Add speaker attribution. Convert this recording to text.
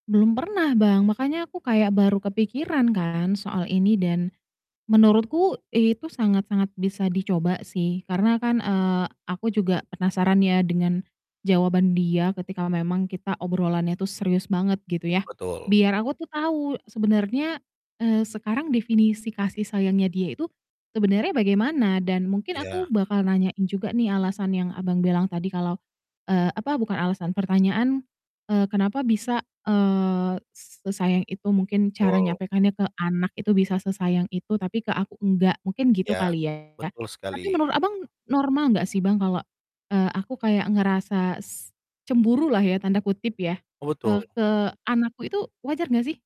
Speaker 1: Belum pernah, Bang, makanya aku kayak baru kepikiran kan soal ini, dan menurutku itu sangat-sangat bisa dicoba sih. Karena kan, eee, aku juga penasaran ya, dengan jawaban dia ketika memang kita obrolannya tuh serius banget gitu ya,
Speaker 2: Betul.
Speaker 1: biar aku tuh tau sebenarnya, eee, sekarang definisi kasih sayangnya dia itu sebenarnya bagaimana? Dan mungkin aku
Speaker 2: Iya.
Speaker 1: bakal nanyain juga nih, alasan yang, Abang, bilang tadi kalau, eee, apa bukan alasan, pertanyaan, eee, kenapa bisa, eee, s sesayang itu, mungkin cara
Speaker 2: Betul.
Speaker 1: nyampaikannya ke anak itu bisa sesayang itu tapi ke aku enggak mungkin gitu
Speaker 2: Ya,
Speaker 1: kali ya.
Speaker 2: betul
Speaker 1: Tapi
Speaker 2: sekali.
Speaker 1: menurut, Abang, normal enggak sih, Bang, kalau, eee, aku kayak ngerasa s "cemburulah" ya tanda kutip ya,
Speaker 2: Oh,
Speaker 1: eee,
Speaker 2: betul.
Speaker 1: ke anak ku itu wajar enggak, sih?